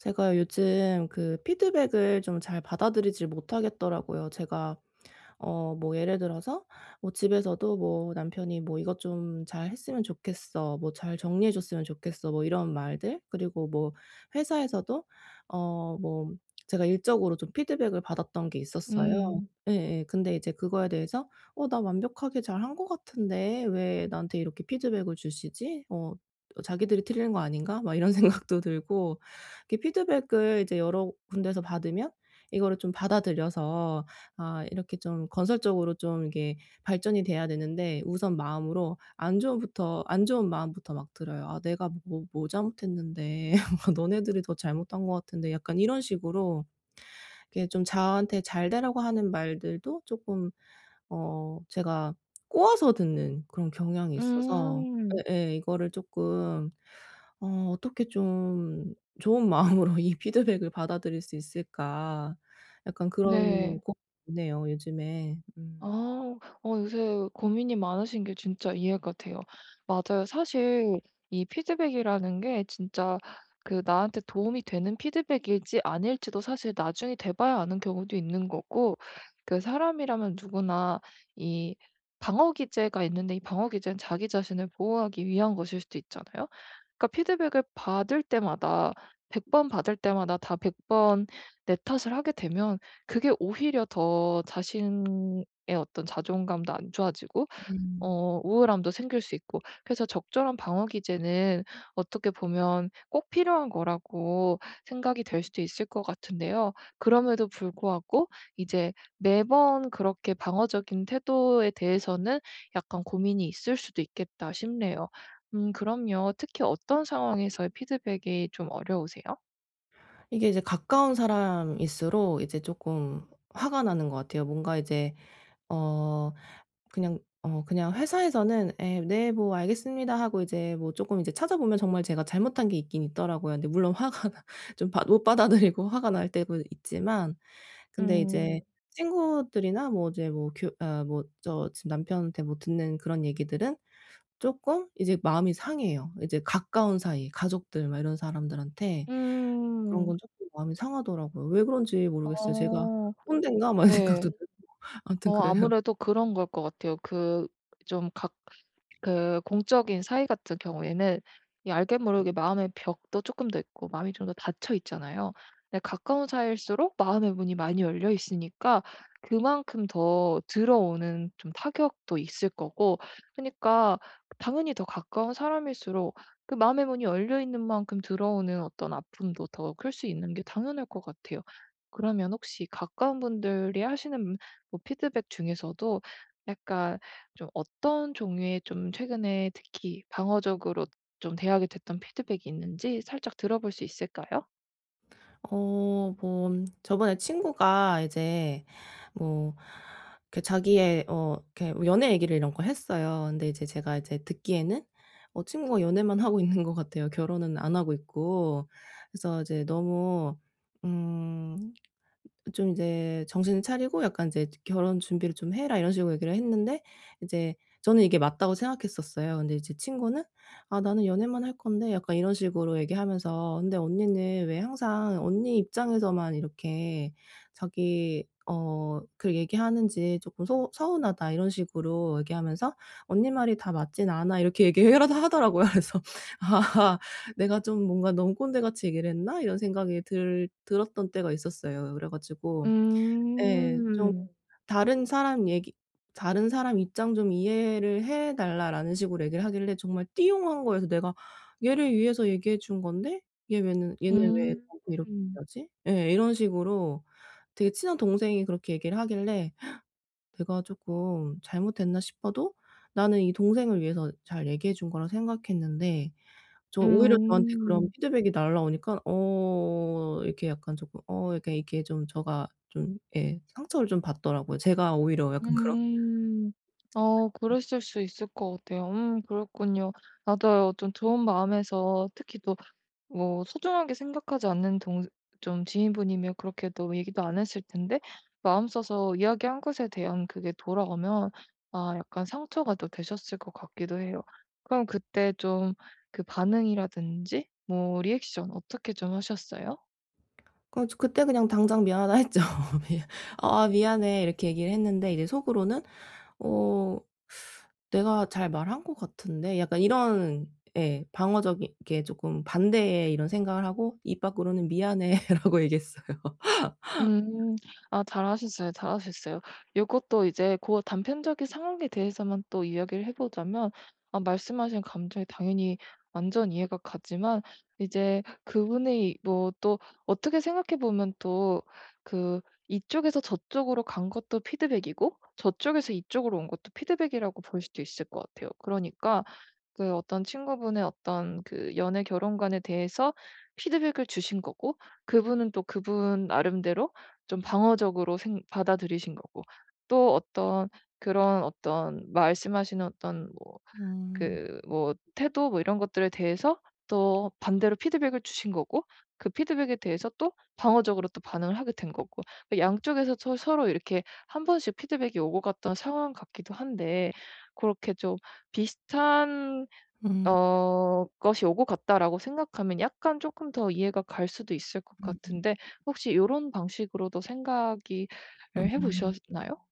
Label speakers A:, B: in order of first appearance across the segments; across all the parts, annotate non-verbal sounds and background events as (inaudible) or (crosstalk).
A: 제가 요즘 그 피드백을 좀 잘 받아들이지를 못 하겠더라고요. 제가 어 뭐 예를 들어서 뭐 집에서도 뭐 남편이 뭐 "이것 좀 잘했으면 좋겠어." 뭐 "잘 정리해 줬으면 좋겠어." 뭐 이런 말들 그리고 뭐 회사에서도 어 뭐 제가 일적으로 좀 피드백을 받았던 게 있었어요.
B: 음.
A: 예예. 근데 이제 그거에 대해서 '어 나 완벽하게 잘한 것 같은데 왜 나한테 이렇게 피드백을 주시지? 어 어 자기들이 틀린 거 아닌가?' 막 이런 생각도 들고 이 피드백을 이제 여러 군데에서 받으면 이거를 좀 받아들여서 아 이렇게 좀 건설적으로 좀 이게 발전이 돼야 되는데 우선 마음으로 안 좋은 부터 안 좋은 마음부터 막 들어요. '아 내가 뭐 뭐 잘못했는데?' (laughs) 너네들이 더 잘못한 것 같은데.' 약간 이런 식으로 이게 좀 저한테 잘 되라고 하는 말들도 쪼끔 어 제가 꼬아서 듣는 그런 경향이 있어서
B: 음.
A: 예예. 이거를 쪼끔 '어 어떻게 좀 좋은 마음으로 이 피드백을 받아들일 수 있을까?' 약간 그런 고민이
B: 네.
A: 있네요 요즘에. 음.
B: 아. 아 요새 고민이 많으신 게 진짜 이해가 돼요. 맞아요. 사실 이 피드백이라는 게 진짜 그 나한테 도움이 되는 피드백일지 아닐지도 사실 나중에 돼 봐야 아는 경우도 있는 거고 그 사람이라면 누구나 이 방어 기제가 있는데 이 방어 기제는 자기 자신을 보호하기 위한 것일 수도 있잖아요. 그러니까 피드백을 받을 때마다 100 번 받을 때마다 다 100 번 내 탓을 하게 되면 그게 오히려 더 자신의 어떤 자존감도 안 좋아지고
A: 음.
B: 어 우울함도 생길 수 있고 그래서 적절한 방어 기제는 어떻게 보면 꼭 필요한 거라고 생각이 될 수도 있을 것 같은데요. 그럼에도 불구하고 이제 '매번 그렇게 방어적인 태도에 대해서는 약간 고민이 있을 수도 있겠다.' 싶네요. 음 그럼요 특히 어떤 상황에서의 피드백이 좀 어려우세요?
A: 이게 이제 가까운 사람일수록 이제 쪼끔 화가 나는 것 같아요. 뭔가 이제 어 그냥 어 그냥 회사에서는 "예. 네 뭐 알겠습니다." 하고 이제 뭐 쪼끔 이제 찾아보면 정말 제가 잘못한 게 있긴 있더라고요. 그런데 물론 화가 좀 받 못 받아들이고 화가 날 때도 있지만 근데 이제
B: 음.
A: 친구들이나 뭐 이제 뭐 교 어 뭐 저 지금 남편한테 뭐 듣는 그런 얘기들은 쪼끔 이제 마음이 상해요. 이제 가까운 사이, 가족들 막 이런 사람들한테 그런
B: 음.
A: 건 쪼끔 마음이 상하더라고요. 왜 그런지 모르겠어요. 제가
B: 어.
A: '꼰댄가?' 막 이
B: 네.
A: 생각도 들고 아무튼
B: 어
A: 그래요.
B: 아무래도 그런 걸 것 같아요. 그 좀 각 그 공적인 사이 같은 경우에는 이 알게 모르게 마음의 벽도 쪼끔 더 있고 마음이 좀 더 닫혀 있잖아요. 근데 가까운 사이일수록 마음의 문이 많이 열려 있으니까 그만큼 더 들어오는 좀 타격도 있을 거고 그러니까 당연히 더 가까운 사람일수록 그 마음의 문이 열려 있는 만큼 들어오는 어떤 아픔도 더 클 수 있는 게 당연할 것 같아요. 그러면 혹시 가까운 분들이 하시는 음 뭐 피드백 중에서도 약간 좀 어떤 종류의 좀 최근에 특히 방어적으로 좀 대하게 됐던 피드백이 있는지 살짝 들어볼 수 있을까요?
A: 어 뭐 저번에 친구가 이제 뭐 이렇게 자기의 어 이렇게 연애 얘기를 이런 거 했어요. 근데 이제 제가 이제 듣기에는 어 친구가 연애만 하고 있는 것 같아요 결혼은 안 하고 있고. 그래서 이제 너무 음 좀 이제 "정신을 차리고 약간 이제 결혼 준비를 좀 해라." 이런 식으로 얘기를 했는데 이제 저는 '이게 맞다.'고 생각했었어요. 근데 이제 친구는 "아 나는 연애만 할 건데?" 약간 이런 식으로 얘기하면서 "근데 언니는 왜 항상 언니 입장에서만 이렇게 자기 어 그 얘기 하는지 쪼끔 소 서운하다." 이런 식으로 얘기하면서 "언니 말이 다 맞지는 않아." 이렇게 얘기해 라도 하더라고요. 그래서 '아 내가 좀 뭔가 너무 꼰대같이 얘기를 했나?' 이런 생각이 들 들었던 때가 있었어요. 그래 가지고 예 좀
B: 음.
A: "다른 사람 얘기 다른 사람 입장 좀 이해를 해 달라."라는 식으로 얘기를 하길래 정말 띠용한 거여서 '내가 얘를 위해서 얘기해 준 건데 얘 왜는 얘는 왜
B: 음.
A: 나한테 이렇게 하지?' 예 이런 식으로 되게 친한 동생이 그렇게 얘기를 하길래 (gasps) '내가 쪼끔 잘못했나?' 싶어도 나는 이 동생을 위해서 잘 얘기해 준 거라고 생각했는데 저 오히려 저한테 그런
B: 음.
A: 피드백 날아오니까 어 이렇게 약간 쪼끔 어 이렇게 이렇게 좀 저가 좀 예 상처를 좀 받더라고요. 제가 오히려 약간 그런
B: 음. 어 그랬을 수 있을 것 같아요. 음 그랬군요. 나도 어 좀 좋은 마음에서 특히 또 뭐 소중하게 생각하지 않는 동 좀 지인분이면 그렇게도 얘기도 안 했을 텐데 마음 써서 이야기한 것에 대한 그게 돌아오면 아 약간 상처가 또 되셨을 것 같기도 해요. 그럼 그때 좀 그 반응이라든지 뭐 리액션 어떻게 좀 하셨어요?
A: 그래 가지고 그때 그냥 당장 "미안하다." 했죠. 미 "아 미안해." 이렇게 얘기를 했는데 이제 속으로는 '어 (sucks teeth) 내가 잘 말한 것 같은데.' 약간 이런 예 방어적이게 쪼끔 반대의 이런 생각을 하고 입 밖으로는 "미안해."라고 얘기했어요.
B: 음 아 잘 하셨어요, 잘하셨어요. 요것도 이제 고 단편적인 상황에 대해서만 또 이야기를 해 보자면 어 말씀하신 감정이 당연히 완전 이해가 가지만 이제 그분이 뭐 또 어떻게 생각해 보면 또 그 이쪽에서 저쪽으로 간 것도 피드백이고 저쪽에서 이쪽으로 온 것도 피드백이라고 볼 수도 있을 것 같아요. 그러니까 그 어떤 친구분의 어떤 그 연애 결혼관에 대해서 피드백을 주신 거고 그분은 또 그분 나름대로 좀 방어적으로 생 받아들이신 거고 또 어떤 그런 어떤 말씀하시는 어떤 뭐
A: 음.
B: 그 뭐 태도 뭐 이런 것들에 대해서 또 반대로 피드백을 주신 거고 그 피드백에 대해서 또 방어적으로 또 반응을 하게 된 거고 그 양쪽에서 서 서로 이렇게 1 번씩 피드백이 오고 갔던 상황 같기도 한데 고렇게 좀 '비슷한
A: 음.
B: 어 것이 오고 갔다.'라고 생각하면 약간 쪼끔 더 이해가 갈 수도 있을 것
A: 음음.
B: 같은데 혹시 요런 방식으로도 생각이 을 해
A: 음음.
B: 보셨나요?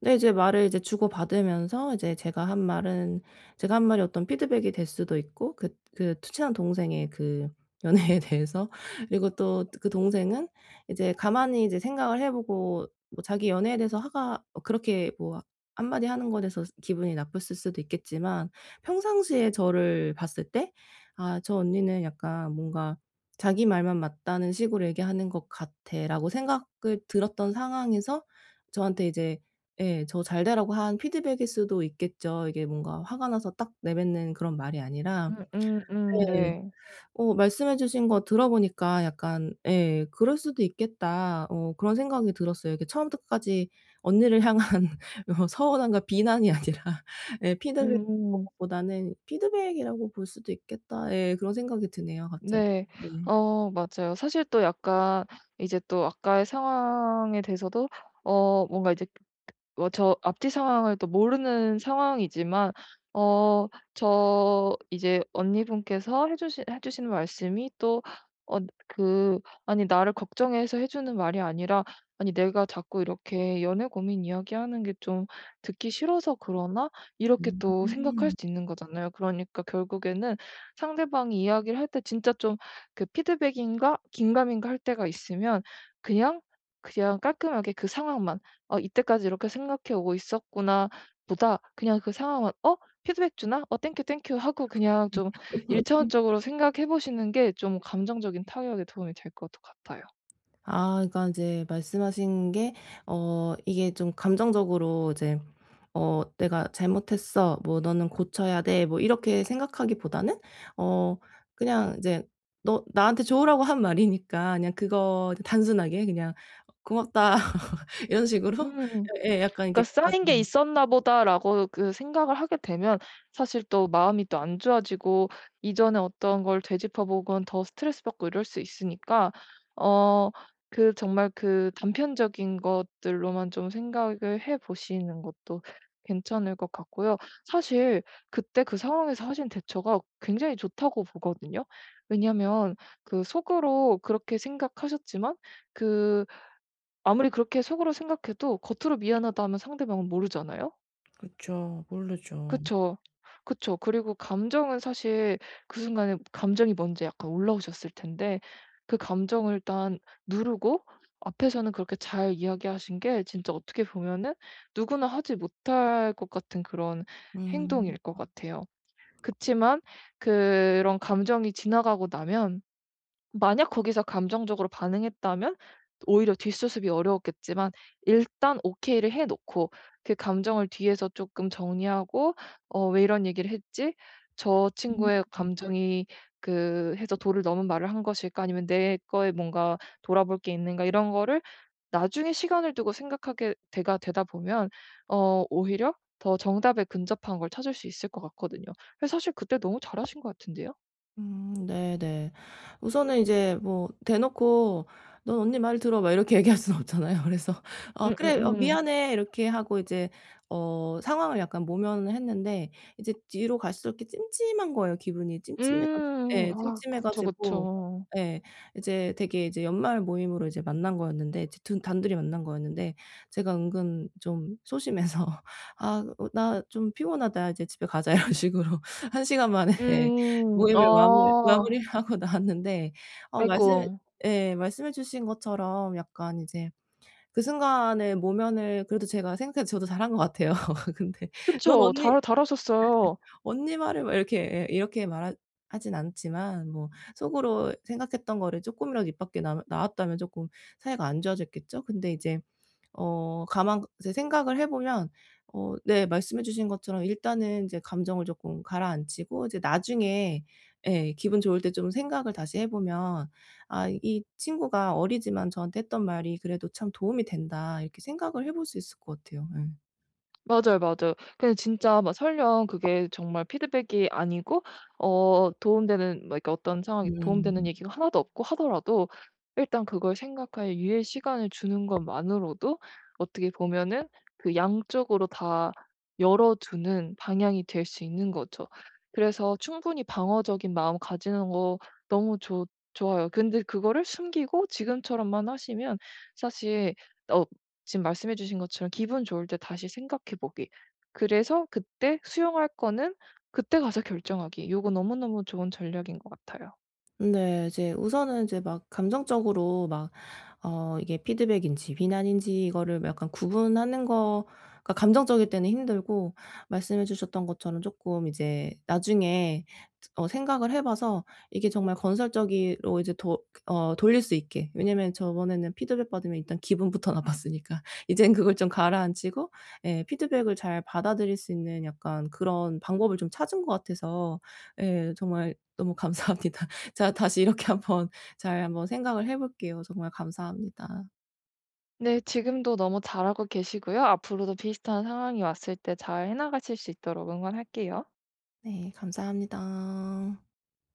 A: 네 이제 말을 이제 주고받으면서 이제 제가 한 말은 제가 한 말이 어떤 피드백이 될 수도 있고 그 그 친한 동생의 그 연애에 대해서 그리고 또 그 동생은 이제 가만히 이제 생각을 해 보고 뭐 자기 연애에 대해서 화가 어 그렇게 뭐 한마디 하는 거에 대해서 기분이 나빴을 수도 있겠지만 평상시에 저를 봤을 때 '아 저 언니는 약간 뭔가 자기 말만 맞다는 식으로 얘기하는 것 같아.'라고 생각이 들었던 상황에서 저한테 이제 예 저 잘 되라고 한 피드백일 수도 있겠죠. 이게 뭔가 화가 나서 딱 내뱉는 그런 말이 아니라
B: 음음음
A: 네.
B: 네.
A: 어 말씀해 주신 거 들어보니까 약간 예 '그럴 수도 있겠다.' 어 그런 생각이 들었어요. 이게 처음부터 끝까지 언니를 향한 어 서운함과 비난이 아니라 예 피드백
B: 음음.
A: (unintelligible) 보다는 '피드백이라고 볼 수도 있겠다.' 예 그런 생각이 드네요 갑자기.
B: 네.
A: 네.
B: 어 맞아요. 사실 또 약간 이제 또 아까의 상황에 대해서도 어 뭔가 이제 어 저 앞뒤 상황을 또 모르는 상황이지만 어 저 이제 언니분께서 해주시 해주시는 말씀이 또 어 그 '아니 나를 걱정해서 해주는 말이 아니라 아니 내가 자꾸 이렇게 연애 고민 이야기하는 게 좀 듣기 싫어서 그러나?' 이렇게 또 생각할
A: 음.
B: 수도 있는 거잖아요. 그러니까 결국에는 상대방이 이야기를 할 때 진짜 좀 그 '피드백인가?' 긴가민가 할 때가 있으면 그냥, 그냥 깔끔하게 그 상황만 '어 이때까지 이렇게 생각해 오고 있었구나.' 보다 그냥 그 상황만 '어 피드백 주나? 어 땡큐, 땡큐.' 하고 그냥 좀 1
A: (laughs)
B: 차원적으로 생각해 보시는 게 좀 감정적인 타격에 도움이 될 것도 같아요.
A: 아 그러니깐 이제 말씀하신 게 어 이게 좀 감정적으로 이제 "어 내가 잘못했어." 뭐 "너는 고쳐야 돼." 뭐 이렇게 생각하기보다는 어 그냥 이제 너 나한테 좋으라고 한 말이니까 그냥 그거 단순하게 그냥 "고맙다." 이런 식으로
B: 음.
A: 예예 약간
B: 그러니까
A: 이렇게 다
B: '쌓인 게
A: 네.
B: 있었나 보다.'라고 그 생각을 하게 되면 사실 또 마음이 또 안 좋아지고 이전에 어떤 걸 되짚어보건 더 스트레스받고 이럴 수 있으니까 어 그 정말 그 단편적인 것들로만 좀 생각을 해보시는 것도 괜찮을 것 같고요. 사실 '그때 그 상황에서 하신 대처가 굉장히 좋다.'고 보거든요. 왜냐면 그 속으로 그렇게 생각하셨지만 그 아무리 그렇게 속으로 생각해도 겉으로 "미안하다." 하면 상대방은 모르잖아요.
A: 그쵸. 모르죠.
B: 그쵸. 그쵸. 그리고 감정은 사실 그 순간에 감정이 먼저 약간 올라오셨을 텐데 그 감정을 일단 누르고 앞에서는 그렇게 잘 이야기하신 게 진짜 어떻게 보면은 누구나 하지 못할 것 같은 그런
A: 음.
B: 행동일 것 같아요. 그치만 그런 감정이 지나가고 나면 만약 거기서 감정적으로 반응했다면 오히려 뒷수습이 어려웠겠지만 일단 오케이를 해 놓고 그 감정을 뒤에서 쪼끔 정리하고 '어 왜 이런 얘기를 했지? 저
A: 음.
B: 친구의 감정이 그 해서 도를 넘은 말을 한 것일까 아니면 내 거에 뭔가 돌아볼 게 있는가?' 이런 거를 나중에 시간을 두고 생각하게 되가 되다 보면 어 오히려 더 정답에 근접한 걸 찾을 수 있을 것 같거든요. 그래서 사실 그때 너무 잘 하신 것 같은데요.
A: 음 네네. 우선은 이제 뭐 대놓고 "넌 언니 말 들어." 막 이렇게 얘기할 수는 없잖아요. 그래서 "아 그래. 아
B: 음음음.
A: 미안해." 이렇게 하고 이제 어 상황을 약간 모면을 했는데 이제 뒤로 갈수록 이렇게 찜찜한 거예요 기분이 찜찜해 가지
B: 음,
A: 예,
B: 아
A: 찜찜해
B: 그쵸,
A: 가지고
B: 그쵸.
A: 예. 이제 되게 이제 연말 모임으로 이제 만난 거였는데 이제 둔 단둘이 만난 거였는데 제가 은근 좀 소심해서 "아 으 나 좀 피곤하다. 이제 집에 가자." 이런 식으로 1 시간 만에
B: 음,
A: 모임을 마물
B: 어.
A: 마무리를 하고 나왔는데 어
B: 아이고.
A: 말씀해 예 말씀해 주신 것처럼 약간 이제 그 순간에 모면을 그래도 제가 생각해도 저도 잘한 것 같아요. 근데 "넌
B: 그쵸.
A: 언니 (laughs)
B: 잘 잘하셨어요.
A: 언니 말을 왜 이렇게." 에 이렇게 말하 하진 않지만 뭐 속으로 생각했던 거를 쪼끔이라도 입 밖에 남아 나왔다면 쪼끔 사이가 안 좋아졌겠죠? 근데 이제 어, 가만 생각을 해 보면 어 네 말씀해 주신 것처럼 일단은 인제 감정을 조금 가라앉히고 이제 나중에 예, 기분 좋을 때 좀 생각을 다시 해보면 '아 이 친구가 어리지만 저한테 했던 말이 그래도 참 도움이 된다.' 이렇게 생각을 해볼 수 있을 것 같아요, 예.
B: 맞아요, 맞아요. 그냥 진짜 막 설령 그게 정말 피드백이 아니고 어 도움 되는 뭐 그러니까 어떤 상황에 도움 되는
A: 음.
B: 얘기가 하나도 없고 하더라도 일단 그걸 생각할 유예 시간을 주는 것만으로도 어떻게 보면은 그 양쪽으로 다 열어두는 방향이 될 수 있는 거죠. 그래서 충분히 방어적인 마음 가지는 것 너무 좋 좋아요. 근데 그거를 숨기고 지금처럼만 하시면 사실 어 지금 말씀해 주신 것처럼 '기분 좋을 때 다시 생각해 보기. 그래서 그때 수용할 거는 그때 가서 결정하기.' 요거 너무너무 좋은 전략인 것 같아요.
A: 네. 이제 우선은 이제 막 감정적으로 막 어 이게 피드백인지 비난인지 이거를 약간 구분하는 거가 감정적일 때는 힘들고 말씀해 주셨던 것처럼 쪼끔 이제 나중에 드 어 생각을 해 봐서 이게 정말 건설적이로 이제 도 어 돌릴 수 있게. 왜냐하면 저번에는 피드백 받으면 일단 기분부터 나빴으니까 이젠 그걸 좀 가라앉히고 예 피드백을 잘 받아들일 수 있는 약간 그런 방법을 좀 찾은 것 같아서 예 정말 너무 감사합니다. 제가 다시 이렇게 한번 잘 한번 생각을 해볼게요. 정말 감사합니다.
B: 네. 지금도 너무 잘하고 계시고요. 앞으로도 비슷한 상황이 왔을 때 잘 해 나가실 수 있도록 응원할게요.
A: 네. 감사합니다.